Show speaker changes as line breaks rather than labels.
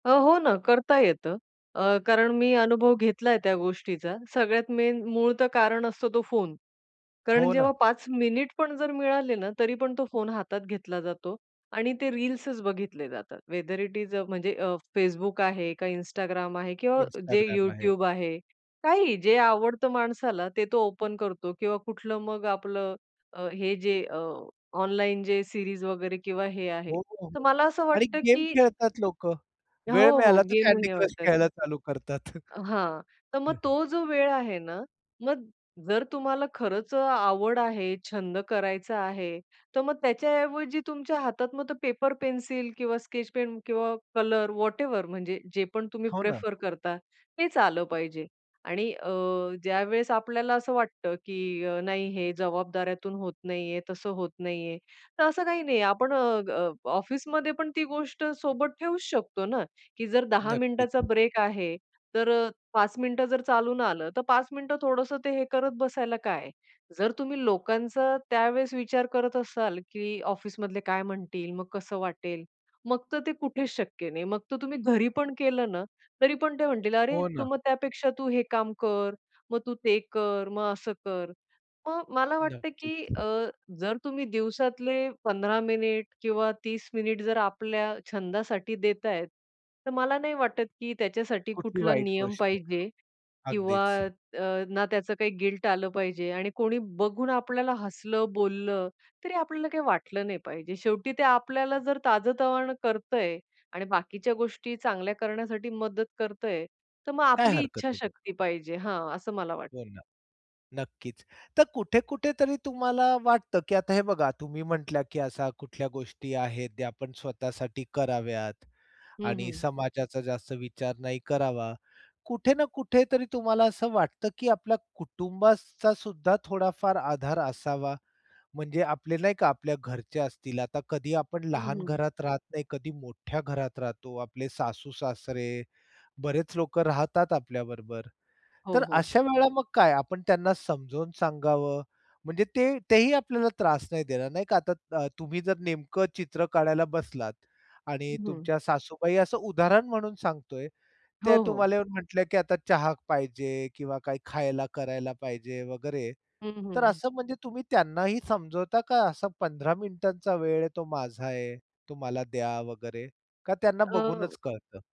अ, हो ना, करता येतं अ, कारण मी अनुभव घेतला आहे त्या गोष्टीचा. सगळ्यात मेन मूळ तर कारण असतो तो फोन. कारण
हो ना.
जेव्हा 5 मिनिट पण जर मिळाले ना, तरी पण तो फोन हातात घेतला जातो आणि ते रील्सच बघितले जातात वेदर इट इस अ, म्हणजे अ, Facebook आहे का Instagram आहे किंवा जे
Instagram आहे.
YouTube आहे, काहीही, जे आवडतं माणसाला ते तो ओपन करतो किंवा कुठलं मग आपलं, अ, हे जे अ, ऑनलाईन जे सीरीज वगैरे किंवा हे आहे.
हो, हो,
तर
हो
मला असं
आणि
वाटतं
गेम
की
खेळतात लोक. वेळ
हो, हो,
मिळाला तर Candy
गेमही
Crush
आवडतात.
खेळायला चालू करतात. हं,
हां, तर
हं.
मग तो जो वेळ आहे ना, मग जर तुम्हाला खरंच अ, आवड आहे, छंद करायचा आहे, तर मग त्याच्याऐवजी तुमच्या हातात मग पेपर-पेन्सिल किंवा स्केच पेन किंवा कलर व्हॉटएव्हर म्हणजे जे पण तुम्ही
हो ना.
प्रिफर करता, तेच आलं पाहिजे. आणि अ, ज्यावेळेस आपल्याला असं वाटतं, की अ, नाही हे जबाबदाऱ्यातून होत नाहीये, तसं होत नाहीये, तर असं काही नाहीये. आपण अ, अ, ऑफिसमध्ये पण ती गोष्ट सोबत ठेऊच शकतो ना, की जर 10 मिनिटचा
नक्कीच.
ब्रेक आहे, तर अ, 5 मिनिटं जर चालून आलं, तर 5 मिनिटं थोडंसं ते हे करत बसायला काय? जर तुम्ही लोकांचा त्यावेळेस विचार करत असाल, की "ऑफिसमधले काय म्हणतील? मग कसं वाटेल?" मग तर ते कुठेच शक्य नाही. मग तर तुम्ही घरी पण केलं ना, तरी पण ते म्हणतील, "अरे,
हो
तू
ना.
मग त्यापेक्षा तू हे काम कर, मग तू ते कर, मग असं कर." मग मला वाटतं, की
नक्कीच.
अ, जर तुम्ही दिवसातले 15 मिनिट किंवा 30 मिनिट जर आपल्या छंदासाठी देत आहेत, तर मला नाही वाटत की त्याच्यासाठी
कुठली
कुठला
वाईट
नियम
गोष्ट आहे.
पाहिजे
हो,
किंवा
अगदीच.
अ, ना त्याचं काही गिल्ट आलं पाहिजे आणि कोणी बघून आपल्याला हसलं, बोललं, तरी आपल्याला काही वाटलं नाही पाहिजे. शेवटी ते आपल्याला जर ताजतवाण करतंय आणि बाकीच्या गोष्टी चांगल्या करण्यासाठी मदत करतंय, तर मग
काय
आपली
हरकत आहे [unintelligible]
इच्छाशक्ती पाहिजे हां, असं मला वाटतं.
हो ना. नक्कीच, तर कुठे-कुठेतरी तुम्हाला वाटतं की आता हे बघा तुम्ही म्हटल्या, की असा कुठल्या गोष्टी आहेत त्या आपण स्वतःसाठी कराव्यात
हं,
आणि
हं.
समाजाचा जास्त विचार नाही करावा. कुठे ना कुठेतरी तुम्हाला असं वाटतं, की आपल्या कुटुंबाचा सुद्धा थोडाफार आधार असावा, म्हणजे आपले नाही का आपल्या घरचे असतील. आता कधी आपण
हं,
लहान
हं.
घरात राहत नाही, कधी मोठ्या घरात राहतो. आपले सासू-सासरे, बरेच लोक राहतात आपल्याबरोबर, तर
हो, हो.
अशा वेळेला मग काय? आपण त्यांना समजून सांगावं? म्हणजे ते तेही आपल्याला त्रास नाही देणार नाही का. आता तुम्ही जर नेमकं चित्र काढायला बसलात आणि
हं, हं.
तुमच्या सासूबाई असं उदाहरण म्हणून सांगतोय, त्या
हो, हो.
तुम्हाला येऊन म्हटल्या, की "आता चहा पाहिजे किंवा काय खायला करायला पाहिजे वगैरे,"
हं,
तर
हं.
असं म्हणजे तुम्ही त्यांनाही समजवता का असा 15 मिनिटांचा वेळ आहे तो माझा आहे, तो मला द्या वगैरे का त्यांना
अ
बघूनच कळतं?